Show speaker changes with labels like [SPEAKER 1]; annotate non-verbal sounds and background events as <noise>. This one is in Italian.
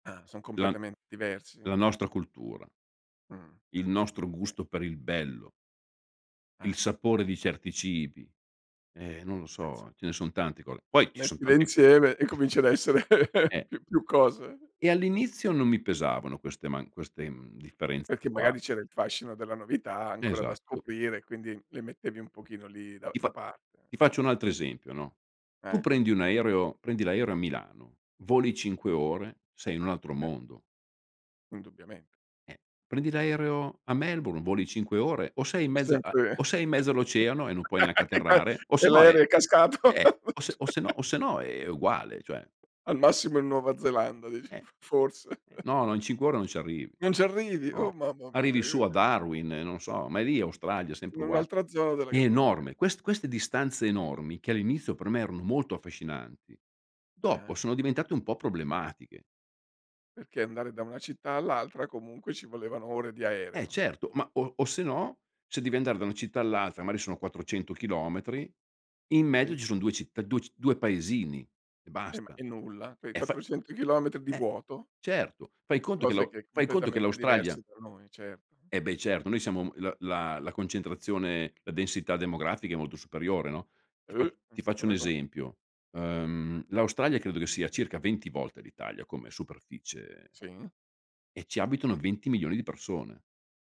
[SPEAKER 1] Ah, son
[SPEAKER 2] Della
[SPEAKER 1] completamen diversi?
[SPEAKER 2] della nostra cultura.
[SPEAKER 1] Mh.
[SPEAKER 2] Il nostro
[SPEAKER 1] <unintelligible>
[SPEAKER 2] gusto per il bello. Il
[SPEAKER 1] Ah.
[SPEAKER 2] sapore di certi cibi. E, non lo
[SPEAKER 1] <unintelligible>
[SPEAKER 2] so, ce ne son tanti col poi ci son
[SPEAKER 1] Mettile
[SPEAKER 2] tanti
[SPEAKER 1] insieme, e cominci ad essere
[SPEAKER 2] <chuckles>
[SPEAKER 1] <chuckles>
[SPEAKER 2] eh.
[SPEAKER 1] più più cose.
[SPEAKER 2] E all'inizio, non mi pesavano queste man queste, mhmm, differenze
[SPEAKER 1] Perché
[SPEAKER 2] qua.
[SPEAKER 1] magari, c'era il fascino della novità, ancora da
[SPEAKER 2] Esatto.
[SPEAKER 1] scoprire, e quindi le mettevi un pochino lì, da
[SPEAKER 2] Ti
[SPEAKER 1] da
[SPEAKER 2] fa
[SPEAKER 1] parte,
[SPEAKER 2] ti
[SPEAKER 1] mh.
[SPEAKER 2] faccio un altro esempio, no: tu
[SPEAKER 1] Eh.
[SPEAKER 2] prendi un aereo prendi l'aereo a Milano, voli 5 ore, sei in un altro
[SPEAKER 1] <unintelligible>
[SPEAKER 2] mondo.
[SPEAKER 1] Indubbiament
[SPEAKER 2] Eh, prendi l'aereo a Melbourne, voli 5 ore: o sei in
[SPEAKER 1] <unintelligible>
[SPEAKER 2] mezz a o
[SPEAKER 1] <laughs>
[SPEAKER 2] sei in mezzo all'oceano, e non puoi neanche atterrare, o
[SPEAKER 1] <unintelligible> e
[SPEAKER 2] sennò è
[SPEAKER 1] l'aereo è cascato.
[SPEAKER 2] eh! O se o sennò o
[SPEAKER 1] <chuckles>
[SPEAKER 2] sennò, è uguale, cioè
[SPEAKER 1] Al massimo in Nuova Zelanda, di
[SPEAKER 2] Eh,
[SPEAKER 1] f forse.
[SPEAKER 2] eh no,
[SPEAKER 1] <chuckles>
[SPEAKER 2] no, in 5 ore non ci arrivi,
[SPEAKER 1] Non ci arrivi! Oh,
[SPEAKER 2] no,
[SPEAKER 1] mamma mia
[SPEAKER 2] arrivi su, a
[SPEAKER 1] <unintelligible>
[SPEAKER 2] Darwin, non so, ma è lì è Australia, sempre
[SPEAKER 1] In
[SPEAKER 2] ugua
[SPEAKER 1] un'altra zona della
[SPEAKER 2] è
[SPEAKER 1] cap okay.
[SPEAKER 2] enorme, quest queste distanze enormi, che all'inizio per me erano molto affascinanti, dopo
[SPEAKER 1] Ah-ah.
[SPEAKER 2] sono diventate un po' problematiche.
[SPEAKER 1] Perché andare da una città all'altra, comunque ci volevano ore di
[SPEAKER 2] Eh
[SPEAKER 1] aereo.
[SPEAKER 2] certo, ma o o sennò, se devi andare da una città all'altra, magari sono 400 chilometri, in
[SPEAKER 1] Sì.
[SPEAKER 2] mezzo ci son 2 citt du ci 2 paesini, e
[SPEAKER 1] Eh ma
[SPEAKER 2] basta.
[SPEAKER 1] e nulla. Quei
[SPEAKER 2] E fa
[SPEAKER 1] 400 chilometri di
[SPEAKER 2] eh,
[SPEAKER 1] vuoto.
[SPEAKER 2] certo, fai conto che
[SPEAKER 1] Cose
[SPEAKER 2] l'au
[SPEAKER 1] che, è
[SPEAKER 2] fai conto che
[SPEAKER 1] completamente
[SPEAKER 2] l'Australia
[SPEAKER 1] diversi tra noi, certo.
[SPEAKER 2] Eh beh, certo, noi siamo l la la concentrazione la densità demografica è molto superiore, no,
[SPEAKER 1] Eh!
[SPEAKER 2] ti fa
[SPEAKER 1] Non
[SPEAKER 2] ti
[SPEAKER 1] c'è
[SPEAKER 2] faccio un
[SPEAKER 1] paragone.
[SPEAKER 2] esempio: uhm, l'Australia credo che sia circa 20 volte l'Italia come superficie
[SPEAKER 1] Sì.
[SPEAKER 2] e ci abitano 20.000.000 di persone.